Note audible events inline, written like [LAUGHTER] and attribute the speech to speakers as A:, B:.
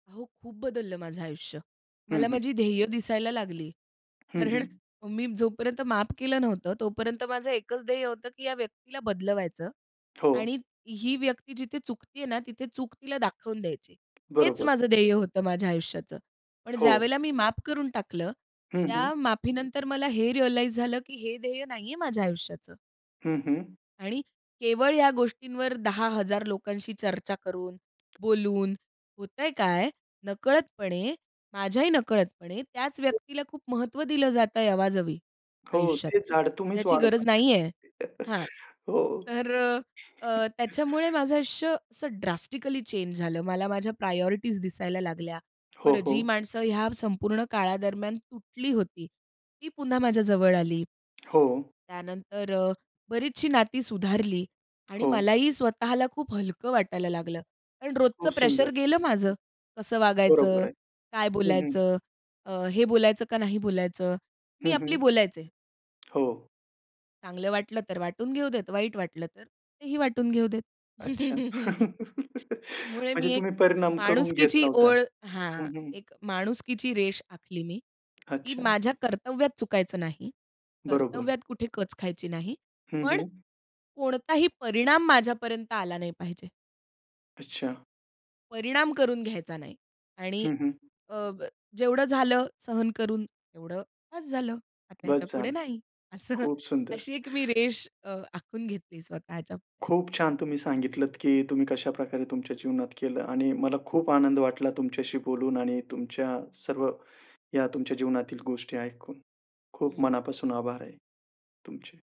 A: हो, खूप बदललं माझं आयुष्य.
B: हं,
A: मला
B: हं.
A: माझी ध्येय दिसायला लागली.
B: हं,
A: कारण
B: हं.
A: मी जोपर्यंत माफ केलं नव्हतं, तोपर्यंत माझं एकच ध्येय होतं, की या व्यक्तीला बदलवायचं
B: हो.
A: आणि ही व्यक्ती जिथे चुकते आहे ना, तिथे चूक तिला दाखवून द्यायची. हेच
B: बरोबर.
A: माझं ध्येय होतं माझ्या आयुष्याचं. पण
B: हो.
A: ज्यावेळेला मी माफ करून टाकलं,
B: हं, हं.
A: त्या माफीनंतर मला हे रिअलाईज झालं, की हे ध्येय नाहीये माझ्या आयुष्याचं.
B: हं, हं.
A: आणि केवळ या गोष्टींवर 10,000 लोकांशी चर्चा करून, बोलून, होतंय काय? नकळतपणे, माझ्याही नकळतपणे, त्याच व्यक्तीला खूप महत्व दिलं जातंय, अवाजवी
B: हो,
A: आयुष्यात,
B: ते झाड तुम्हीच
A: ज्याची
B: वाढवता.
A: गरज नाहीये. हां.
B: [CHUCKLES] हो.
A: तर अ, अ, त्याच्यामुळे
B: [CHUCKLES]
A: माझं आयुष्य असं ड्रास्टिकली चेंज झालं. मला माझ्या प्रायोरिटीज दिसायला लागल्या.
B: हो,
A: बरं, जी
B: हो.
A: माणसं ह्या संपूर्ण काळादरम्यान तुटली होती, ती पुन्हा माझ्या जवळ आली.
B: हो.
A: त्यानंतर अ, बरीचशी नाती सुधारली, आणि
B: हो.
A: मलाही स्वतःला खूप हलकं वाटायला लागलं. पण रोजचं
B: खूप
A: प्रेशर
B: सुंदर.
A: गेलं माझं, कसं
B: बरोबर
A: वागायचं?
B: आहे.
A: काय
B: हं, हं.
A: बोलायचं? अ, हे बोलायचं का नाही बोलायचं?
B: हं,
A: मी
B: हं.
A: आपली बोलायचे.
B: हो.
A: चांगलं वाटलं तर वाटून घेऊ देत, वाईट वाटलं तर, तेही वाटून घेऊ देत.
B: अच्छा.
A: [LAUGHS]
B: [LAUGHS]
A: त्यामुळे,
B: म्हणजे,
A: मी एक
B: तुम्ही परिणाम करून घेत
A: माणुसकीची
B: नव्हता.
A: ओळ हां.
B: हं, हं.
A: एक माणुसकीची रेष आखली मी, की
B: अच्छा.
A: माझ्या कर्तव्यात चुकायचं नाही.
B: बरोबर.
A: कर्तव्यात कुठे कच खायची नाही.
B: हं,
A: पण,
B: हं.
A: कोणताही परिणाम माझ्यापर्यंत आला नाही पाहिजे.
B: अच्छा.
A: परिणाम करून घ्यायचा नाही. आणि,
B: हं हं.
A: अ, जेवढं झालं सहन करून, तेवढं बस झालं. आता ह्याच्या
B: बस
A: पुढे
B: झालं.
A: नाही, असं
B: खूप सुंदर.
A: अशी एक मी रेष अ, आखून घेतली स्वतःच्या पुढ्यात.
B: खूप छान, तुम्ही सांगितलत की तुम्ही कशाप्रकारे तुमच्या जीवनात केलं. आणि मला खूप आनंद वाटला तुमच्याशी बोलून, आणि तुमच्या सर्व या तुमच्या जीवनातील गोष्टी ऐकून. खूप
A: हं.
B: मनापासून आभार आहे तुमचे.